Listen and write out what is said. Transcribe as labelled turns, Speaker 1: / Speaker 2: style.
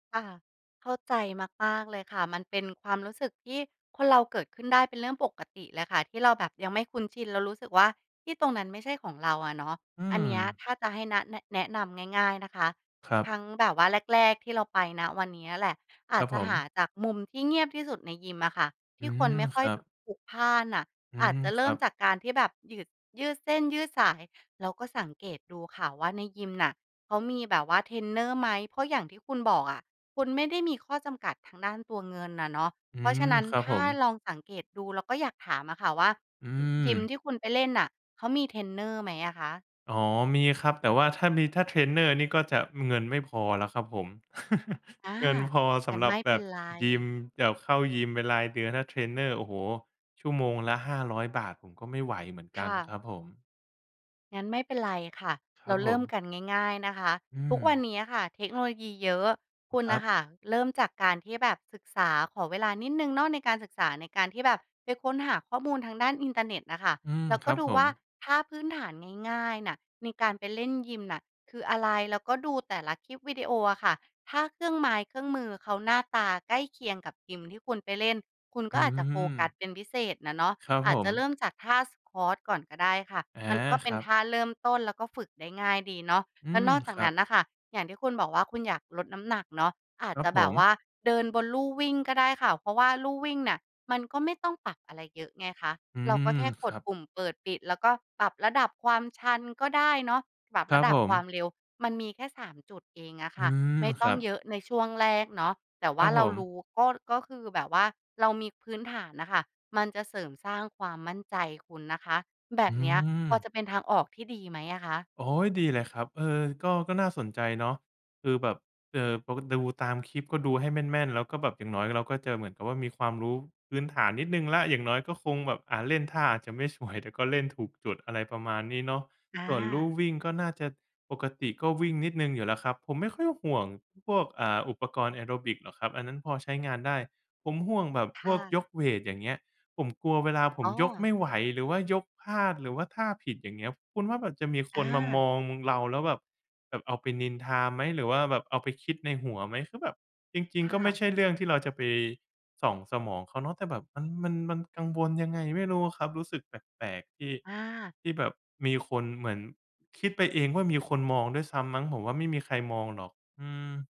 Speaker 1: ค่ะ เข้าใจมาก ๆ เลยค่ะ มันเป็นความรู้สึกที่คนเราเกิดขึ้นได้เป็นเรื่องปกติเลยค่ะ ที่เราแบบยังไม่คุ้นชินแล้วรู้สึกว่าที่ตรงนั้นไม่ใช่ของเราอะเนาะ
Speaker 2: อื
Speaker 1: อันเนี้ย
Speaker 2: ม
Speaker 1: ถ้าจะให้ น แนะ แนะนำง่าย ๆ นะคะ
Speaker 2: ครั
Speaker 1: ท
Speaker 2: บ
Speaker 1: ั้งแบบว่าแรก ๆ ที่เราไป ณ วันนี้อะแหละ อ
Speaker 2: ค
Speaker 1: า
Speaker 2: ร
Speaker 1: จ
Speaker 2: ับ
Speaker 1: จะ
Speaker 2: ผ
Speaker 1: หา
Speaker 2: ม
Speaker 1: จากมุมที่เงียบที่สุดในยิมอะค่ะ
Speaker 2: อ
Speaker 1: ท
Speaker 2: ื
Speaker 1: ี่คน
Speaker 2: ม
Speaker 1: ไม่ค่
Speaker 2: ค
Speaker 1: อ
Speaker 2: ร
Speaker 1: ย
Speaker 2: ับ
Speaker 1: บ พลุกพล่านน่ะ
Speaker 2: อื
Speaker 1: อาจ
Speaker 2: ม
Speaker 1: จะเ
Speaker 2: ค
Speaker 1: ริ่
Speaker 2: รั
Speaker 1: ม
Speaker 2: บ
Speaker 1: จากการที่แบบหยืด ยืดเส้นยืดสาย แล้วก็สังเกตดูค่ะว่าในยิมน่ะเขามีแบบว่าเทรนเนอร์ไหม เพราะอย่างที่คุณบอกอะ คุณไม่ได้มีข้อจำกัดทางด้านตัวเงินน่ะเนาะ
Speaker 2: อื
Speaker 1: เพราะฉ
Speaker 2: ม
Speaker 1: ะนั้น
Speaker 2: ครับ
Speaker 1: ถ
Speaker 2: ผ
Speaker 1: ้า
Speaker 2: ม
Speaker 1: ลองสังเกตดูเราก็อยากถามอะค่ะว่า
Speaker 2: อื
Speaker 1: อ ยิม
Speaker 2: ม
Speaker 1: ที่คุณไปเล่นน่ะเขามีเทรนเนอร์ไหมอะคะ?
Speaker 2: อ๋อ มีครับ แต่ว่าถ้ามี ถ้าเทรนเนอร์นี่ก็จะเงิน ม ไม่พอแล้วครับผม
Speaker 1: อา
Speaker 2: เงินพอส
Speaker 1: งั้
Speaker 2: ำ
Speaker 1: น
Speaker 2: หรั
Speaker 1: ไ
Speaker 2: บ
Speaker 1: ม่
Speaker 2: แ
Speaker 1: เ
Speaker 2: บ
Speaker 1: ป็น
Speaker 2: บ
Speaker 1: ไร
Speaker 2: ยิม แบบเข้ายิมเป็นรายเดือน ถ้าเทรนเนอร์ โอ้โฮ ชั่วโมงละ 500 บาท ผมก็ไม่ไหวเหมือนก
Speaker 1: ค
Speaker 2: ัน
Speaker 1: ่
Speaker 2: นะค
Speaker 1: ะ
Speaker 2: รับผม
Speaker 1: งั้นไม่เป็นไรค่ะ
Speaker 2: คร
Speaker 1: เร
Speaker 2: ั
Speaker 1: า
Speaker 2: บ
Speaker 1: เ
Speaker 2: ผ
Speaker 1: ริ่ม
Speaker 2: ม
Speaker 1: กันง่าย ๆ นะคะ
Speaker 2: อื
Speaker 1: ทุกวัน
Speaker 2: ม
Speaker 1: นี้อะค่ะเทคโนโลยีเยอะ คุณ
Speaker 2: คร
Speaker 1: น่
Speaker 2: ั
Speaker 1: ะ
Speaker 2: บ
Speaker 1: ค่ะเริ่มจากการที่แบบศึกษา ขอเวลานิดหนึ่งเนาะในการศึกษา ในการที่แบบไปค้นหาข้อมูลทางด้านอินเทอร์เน็ตน่ะค่ะ
Speaker 2: อืม
Speaker 1: แล้ว
Speaker 2: ค
Speaker 1: ก
Speaker 2: ร
Speaker 1: ็
Speaker 2: ับ
Speaker 1: ดู
Speaker 2: ผ
Speaker 1: ว่
Speaker 2: ม
Speaker 1: าท่าพื้นฐานง่าย ๆ น่ะในการไปเล่นยิมน่ะคืออะไร แล้วก็ดูแต่ละคลิปวิดีโออะค่ะ ถ้าเครื่องไม้เครื่องมือเขาหน้าตาใกล้เคียงกับยิมที่คุณไปเล่น คุณก
Speaker 2: อ
Speaker 1: ็
Speaker 2: ื้
Speaker 1: อ
Speaker 2: อ
Speaker 1: าจจะ
Speaker 2: ฮ
Speaker 1: โฟ
Speaker 2: ือ
Speaker 1: กัสเป็นพิเศษน่ะเนาะ
Speaker 2: ครับ
Speaker 1: อา
Speaker 2: ผ
Speaker 1: จจะเร
Speaker 2: ม
Speaker 1: ิ่มจากท่า Squat ก่อนก็ได้ค่ะ
Speaker 2: อา
Speaker 1: มันก็เ
Speaker 2: ค
Speaker 1: ป็
Speaker 2: ร
Speaker 1: น
Speaker 2: ับ
Speaker 1: ท่าเริ่มต้น แล้วก็ฝึกได้ง่ายดีเนาะ
Speaker 2: อื
Speaker 1: แล้ว
Speaker 2: ม
Speaker 1: นอกจา
Speaker 2: ค
Speaker 1: ก
Speaker 2: รั
Speaker 1: นั้
Speaker 2: บ
Speaker 1: นน่ะค่ะ อย่างที่คุณบอกว่าคุณอยากลดน้ำหนักเนาะ อา
Speaker 2: ค
Speaker 1: จ
Speaker 2: รั
Speaker 1: จ
Speaker 2: บ
Speaker 1: ะ
Speaker 2: ผ
Speaker 1: แบบ
Speaker 2: ม
Speaker 1: ว่าเดินบนลู่วิ่งก็ได้ค่ะ เพราะว่าลู่วิ่งน่ะมันก็ไม่ต้องปรับอะไรเยอะไงคะ
Speaker 2: อื
Speaker 1: เราก็
Speaker 2: อ
Speaker 1: แค่ก
Speaker 2: ค
Speaker 1: ด
Speaker 2: รับ
Speaker 1: ปุ่มเปิด-ปิด แล้วก็ปรับระดับความชันก็ได้เนาะ ปรับ
Speaker 2: คร
Speaker 1: ร
Speaker 2: ั
Speaker 1: ะ
Speaker 2: บ
Speaker 1: ด
Speaker 2: ผ
Speaker 1: ับควา
Speaker 2: ม
Speaker 1: มเร็ว มันมีแค่ 3 จุดเองอะค
Speaker 2: อื
Speaker 1: ่ะ
Speaker 2: ม
Speaker 1: ไม่
Speaker 2: ค
Speaker 1: ต้อ
Speaker 2: รั
Speaker 1: ง
Speaker 2: บ
Speaker 1: เยอะในช่วงแรกเนาะ แต่ว
Speaker 2: คร
Speaker 1: ่า
Speaker 2: ับ
Speaker 1: เร
Speaker 2: ผ
Speaker 1: า
Speaker 2: ม
Speaker 1: รู้ ก็ ก็คือแบบว่าเรามีพื้นฐานน่ะค่ะมันจะเสริมสร้างความมั่นใจคุณนะคะ แบ
Speaker 2: อื
Speaker 1: บเนี้ยพอ
Speaker 2: ม
Speaker 1: จะเป็นทางออกที่ดีไหมอะคะ?
Speaker 2: โอ้โฮ ดีเลยครับ เออ ก็ ก็น่าสนใจเนาะ คือแบบ เอ่อ พอมาดูตามคลิปก็ดูให้แม่น ๆ แล้วก็แบบอย่างน้อยเราก็จะเหมือนกับว่ามีความรู้พื้นฐานนิดหนึ่งแล้ว อย่างน้อยก็คงแบบ อ่า เล่นท่าอาจจะไม่สวย แต่ก็เล่นถูกจุด อะไรประมาณนี้เนาะ
Speaker 1: อ
Speaker 2: ส่วนลู่
Speaker 1: า
Speaker 2: วิ่งก็น่าจะ ปกติก็วิ่งนิดหนึ่งอยู่แล้วครับ ผมไม่ค่อยห่วงพวก อ่า อุปกรณ์แอโรบิกหรอกครับ อันนั้นพอใช้งานได้ ผมห่วงแบบ
Speaker 1: ค
Speaker 2: พ
Speaker 1: ่
Speaker 2: วก
Speaker 1: ะ
Speaker 2: ยกเวต อย่างเงี้ย ผมกลัวเวลาผ
Speaker 1: อ๋
Speaker 2: ม
Speaker 1: อ
Speaker 2: ยกไม่ไหว หรือว่ายกพลาด หรือว่าท่าผิด อย่างเงี้ย คุณว่ามันจะมีค
Speaker 1: อ
Speaker 2: นมาม
Speaker 1: า
Speaker 2: อง ม เราแล้วแบบ แบบเอาไปนินทาไหม หรือว่าแบบเอาไปคิดในหัวไหม คือแบบจริง
Speaker 1: ค
Speaker 2: ๆ
Speaker 1: ่
Speaker 2: ก็ไม
Speaker 1: ะ
Speaker 2: ่ใช่เรื่องที่เราจะไปส่องสมองเขาเนาะ แต่แบบมัน มัน มันกังวลยังไงไม่รู้อะครับ รู้สึกแปลก ๆ ที่
Speaker 1: อา
Speaker 2: ที่แบบมีคน เหมือนคิดไปเองว่ามีคนมองด้วยซ้ำมั้ง ผมว่าไม่มีใครมองหรอก อืม